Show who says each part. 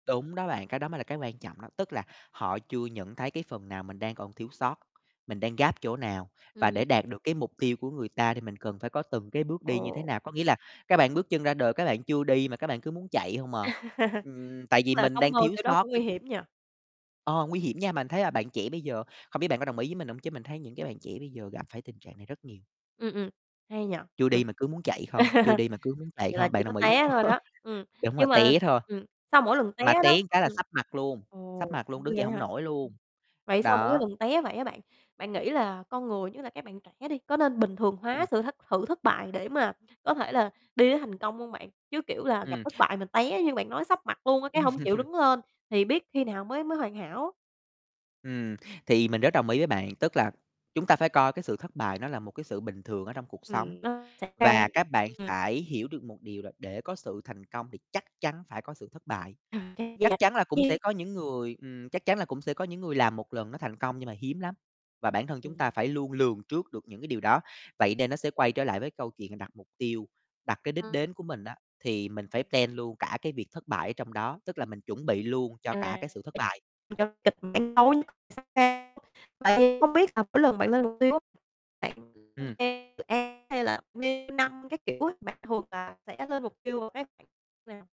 Speaker 1: Đúng đó bạn, cái đó mới là cái quan trọng đó. Tức là họ chưa nhận thấy cái phần nào mình đang còn thiếu sót, mình đang gap chỗ nào, và
Speaker 2: Ừm.
Speaker 1: để đạt được cái mục tiêu của người ta thì mình cần phải có từng cái bước đi như thế
Speaker 2: Ồ.
Speaker 1: nào. Có nghĩa là các bạn bước chân ra đời các bạn chưa đi mà các bạn cứ muốn chạy hông à. Ừm, tại
Speaker 2: Đúng
Speaker 1: vì
Speaker 2: là
Speaker 1: mình
Speaker 2: sống
Speaker 1: đang
Speaker 2: mơ
Speaker 1: thiếu
Speaker 2: kiểu đó
Speaker 1: sót
Speaker 2: cũng nguy
Speaker 1: cái
Speaker 2: hiểm
Speaker 1: [unintelligible]
Speaker 2: nhỉ?
Speaker 1: ờ, nguy hiểm nha. Bạn mình thấy là bạn trẻ bây giờ không biết bạn có đồng ý với mình hông chứ mình thấy những cái bạn trẻ bây giờ gặp phải tình trạng này rất nhiều.
Speaker 2: Ừm, ừm, hay nhỉ?
Speaker 1: Chưa
Speaker 2: Ừm.
Speaker 1: đi mà cứ muốn chạy không, chưa đi mà cứ muốn chạy
Speaker 2: Vậy là
Speaker 1: không. Bạn
Speaker 2: chỉ có
Speaker 1: đồng ý, đúng
Speaker 2: té thôi
Speaker 1: h
Speaker 2: đó. Ừm,
Speaker 1: Đúng rồi,
Speaker 2: nhưng mà
Speaker 1: té thôi
Speaker 2: ừm, sau mỗi lần té
Speaker 1: mà té
Speaker 2: đó
Speaker 1: cái là
Speaker 2: ừm,
Speaker 1: sấp mặt luôn,
Speaker 2: ồ,
Speaker 1: sấp mặt luôn,
Speaker 2: cũng
Speaker 1: đứng dậy
Speaker 2: ghê
Speaker 1: hông
Speaker 2: ha?
Speaker 1: nổi
Speaker 2: Ưm.
Speaker 1: luôn,
Speaker 2: Vậy sau mỗi
Speaker 1: đó.
Speaker 2: lần té vậy á bạn, bạn nghĩ là con người, nhất là các bạn trẻ đi, có nên bình thường hóa
Speaker 1: Ừm.
Speaker 2: sự hất sự thất bại để mà có thể là đi đến thành công hông, bạn? Chứ, kiểu là, gặp
Speaker 1: Ừm.
Speaker 2: thất bại mà té như bạn nói sấp mặt luôn á, cái hông chịu
Speaker 1: Ừm.
Speaker 2: đứng lên thì biết khi nào mới mới hoàn hảo?
Speaker 1: Ừm, thì mình rất đồng ý với bạn, tức là chúng ta phải coi cái sự thất bại nó là một cái sự bình thường ở trong cuộc sống.
Speaker 2: Ừm, nó xảy ra
Speaker 1: Và
Speaker 2: ấy,
Speaker 1: các bạn
Speaker 2: ừm.
Speaker 1: phải hiểu được một điều là để có sự thành công thì chắc chắn phải có sự thất bại. Chắc chắn là cũng sẽ
Speaker 2: [unintelligible]
Speaker 1: có những người ừm, chắc chắn là cũng sẽ có những người làm một lần nó thành công nhưng mà hiếm lắm. Và bản thân chúng ta
Speaker 2: Ừm.
Speaker 1: phải luôn lường trước được những cái điều đó. Vậy nên nó sẽ quay trở lại với câu chuyện đặt mục tiêu, đặt cái đích
Speaker 2: Ờ.
Speaker 1: đến của mình á, thì mình phải
Speaker 2: [unintelligible]
Speaker 1: plan luôn cả cái việc thất bại ở trong đó, tức là mình chuẩn bị luôn cho cả
Speaker 2: À,
Speaker 1: cái sự thất bại.
Speaker 2: cho kịch bản tối nhất xảy ra tại vì hông biết là mỗi lần bạn lên mục tiêu á, bạn [unintelligible]
Speaker 1: Ừm.
Speaker 2: dự án hay là theo năm các kiểu ấy, bạn thường là sẽ lên mục tiêu vào cái khoảng nào?